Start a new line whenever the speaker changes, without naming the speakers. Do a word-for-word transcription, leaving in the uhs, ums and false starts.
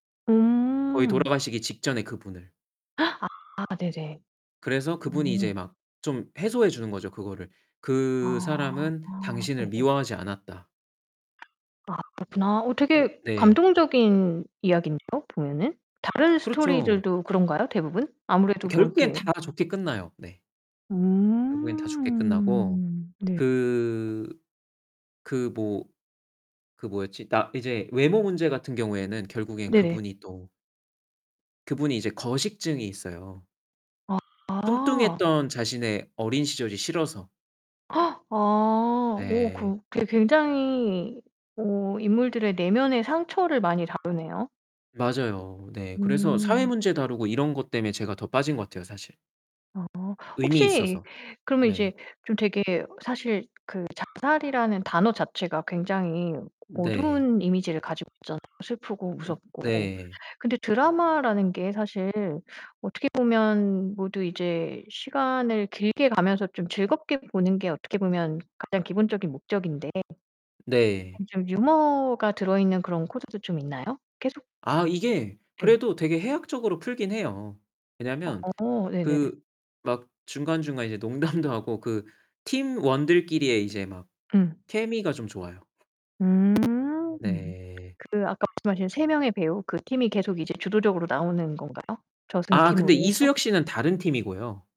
거의
음.
돌아가시기 직전에 그분을.
아 네네.
그래서 그분이 이제
오.
막 좀 해소해 주는 거죠 그거를. '그
아
사람은 당신을
네.
미워하지 않았다.'
아 그렇구나. 어
네.
되게
네.
감동적인 이야기인데요 보면은. 다른
그렇죠.
스토리들도 그런가요, 대부분? 아무래도 뭐
결국에는
이렇게
다 좋게 끝나요. 네. 결국에는 다 좋게 끝나고
음. 네.
그 그 뭐 그 뭐였지? 나 이제 외모 문제 같은 경우에는 결국에는
네네.
그분이 또 그분이 이제 거식증이 있어요.
아.
뚱뚱했던 자신의 어린 시절이 싫어서.
아. 오
네.
그 괴 굉장히 어 인물들의 내면의 상처를 많이 다루네요.
맞아요. 네, 그래서 사회
음.
문제 다루고 이런 것 때문에 제가 더 빠진 것 같아요 사실.
아.
의미
혹시
있어서.
그러면 이제
네.
좀 되게 사실 그 자살이라는 단어 자체가 굉장히
네.
어두운 이미지를 가지고 있잖아요. 슬프고
음.
무섭고.
네.
근데 드라마라는 게 사실 어떻게 보면 모두 이제 시간을 길게 가면서 좀 즐겁게 보는 게 어떻게 보면 가장 기본적인 목적인데
네.
그런 좀 유머가 들어있는 그런 코드도 좀 있나요, 계속?
아 이게
네.
그래도 되게 해학적으로 풀긴 해요. 왜냐하면
어 네네.
그 막 중간중간 이제 농담도 하고 그 팀원들끼리의 이제 막
음.
케미가 좀 좋아요.
음.
네.
그 아까 말씀하신 세 명의 배우 그 팀이 계속 이제 주도적으로 나오는 건가요? 저승
아 근데
팀으로 해서?
이수혁 씨는 다른 팀이고요.